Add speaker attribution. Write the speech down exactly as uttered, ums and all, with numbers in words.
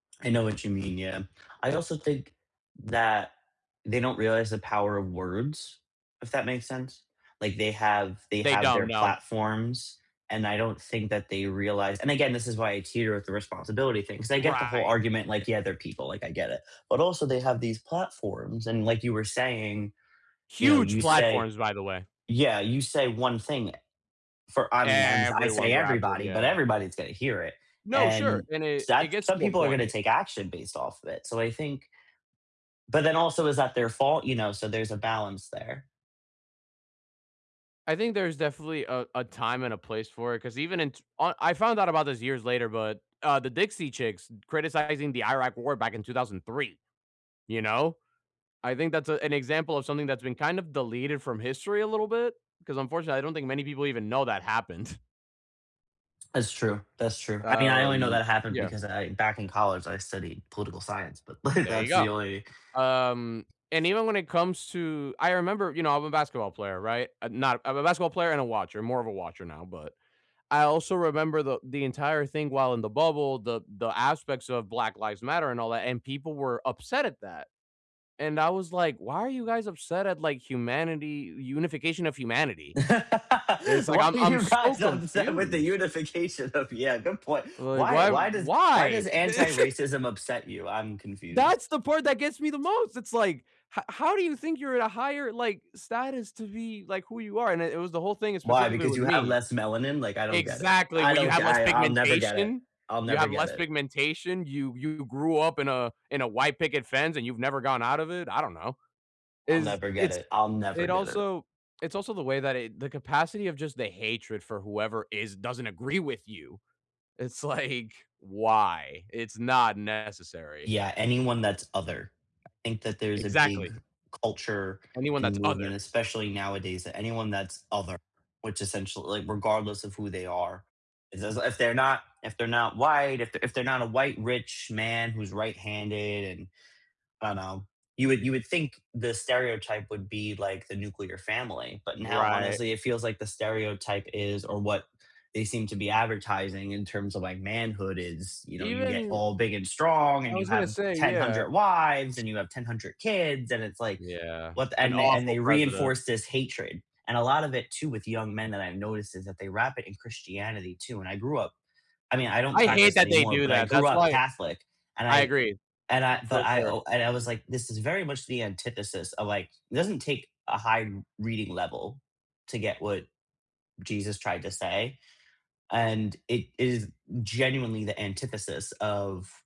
Speaker 1: I know what you mean, yeah. I also think that they don't realize the power of words, if that makes sense. Like they have they
Speaker 2: They
Speaker 1: have their
Speaker 2: don't know.
Speaker 1: platforms, and I don't think that they realize and again, this is why I teeter with the responsibility thing, 'cause I get the whole
Speaker 2: Right.
Speaker 1: argument, like, "Yeah, they're people," like, I get it, but also they have these platforms and like you were saying, you know,
Speaker 2: Huge
Speaker 1: you say
Speaker 2: platforms, by the way.
Speaker 1: yeah, you say one thing for, I mean, I'm I
Speaker 2: Everyone
Speaker 1: say
Speaker 2: grabs it,
Speaker 1: everybody, but
Speaker 2: yeah.
Speaker 1: everybody's gonna hear it,
Speaker 2: No, sure,
Speaker 1: and
Speaker 2: and it it
Speaker 1: that's
Speaker 2: gets
Speaker 1: some
Speaker 2: to a
Speaker 1: people are going to
Speaker 2: point.
Speaker 1: take action based off of it, so I think But then also is that their fault, you know, so there's a balance there.
Speaker 2: I think there's definitely a a time and a place for it, 'cause even in t I I found out about this years later, but, uh, the Dixie Chicks criticizing the Iraq war back in two thousand three, you know, I think that's an example of something that's been kinda deleted from history a little bit, 'cause unfortunately, I don't think many people even know that happened.
Speaker 1: That's true that's true. I mean, I only know
Speaker 2: Um,
Speaker 1: that happened
Speaker 2: yeah.
Speaker 1: because I back in college, I studied political science, but
Speaker 2: There you
Speaker 1: that's the
Speaker 2: go,
Speaker 1: only
Speaker 2: um, and even when it comes to I remember you know, I'm a basketball player, right, I'm not I'm a basketball player and a watcher, more of a watcher now, but I also remember the the entire thing while in the bubble, the the aspects of Black Lives Matter and all that, and people were upset at that, and I was, like, "Why are you guys upset at like humanity, unification of humanity?" It's like
Speaker 1: "Why
Speaker 2: I'm
Speaker 1: are
Speaker 2: I'm
Speaker 1: you
Speaker 2: so
Speaker 1: guys upset with the
Speaker 2: confused.
Speaker 1: unification of "yeah, good point.
Speaker 2: Like,
Speaker 1: "Why
Speaker 2: why
Speaker 1: why does why
Speaker 2: why?
Speaker 1: does anti-racism upset you? I'm confused."
Speaker 2: That's the part that gets me the most, it's, like, "H how do you think you're at a higher, like, status to be, like, who you are," and it was the whole thing is
Speaker 1: "Why,
Speaker 2: specifically
Speaker 1: because
Speaker 2: with
Speaker 1: you have
Speaker 2: me
Speaker 1: less melanin," like, I don't get it.
Speaker 2: Exactly,
Speaker 1: I
Speaker 2: where you
Speaker 1: don't
Speaker 2: have less
Speaker 1: I I'll never get it
Speaker 2: pigmentation
Speaker 1: I'll
Speaker 2: you
Speaker 1: never
Speaker 2: have
Speaker 1: get
Speaker 2: less
Speaker 1: it.
Speaker 2: pigmentation, you you grew up in a in a white picket fence, and you've never gone out of it, I don't know.
Speaker 1: I'll
Speaker 2: Is
Speaker 1: never get
Speaker 2: it's
Speaker 1: it. I'll never
Speaker 2: it
Speaker 1: get it.
Speaker 2: also it's also the way that it the capacity of just the hatred for whoever is doesn't agree with you, it's, like, "Why? It's not necessary."
Speaker 1: Yeah, anyone that's other. Think that there's a big
Speaker 2: Exactly.
Speaker 1: culture
Speaker 2: Anyone
Speaker 1: and
Speaker 2: that's other
Speaker 1: movement, especially nowadays, that anyone that's other, which essentiall like, regardless of who they are, as as if they're not if they're not white, if if they're not a white rich man who's right-handed and I know, you would you would think the stereotype would be like the nuclear family, but now,
Speaker 2: Right.
Speaker 1: honestly, it feels like the stereotype is or what they seem to be advertising in terms of like manhood is, you know, you get
Speaker 2: Even
Speaker 1: all big and strong,
Speaker 2: I
Speaker 1: and you
Speaker 2: was
Speaker 1: have
Speaker 2: gonna say,
Speaker 1: ten,
Speaker 2: yeah.
Speaker 1: hundred wives, and you have ten, hundred kids, and it's, like,
Speaker 2: Yeah,
Speaker 1: what
Speaker 2: an
Speaker 1: and they and
Speaker 2: awful
Speaker 1: they
Speaker 2: president.
Speaker 1: reinforce this hatred, and a lot of it too with young men that I've noticed is that they wrap it in Christianity too, and I grew up I mean, I don't
Speaker 2: I hate
Speaker 1: practice
Speaker 2: that they
Speaker 1: anymore,
Speaker 2: do
Speaker 1: but I
Speaker 2: that,
Speaker 1: grew
Speaker 2: that's
Speaker 1: up
Speaker 2: why
Speaker 1: Catholic, and
Speaker 2: I
Speaker 1: I
Speaker 2: agree,
Speaker 1: and I but
Speaker 2: for
Speaker 1: I
Speaker 2: sure.
Speaker 1: and I was like, this is very much the antithesis of, like, it doesn't take a high r reading level to get what Jesus tried to say, and it is genuinely the antithesis of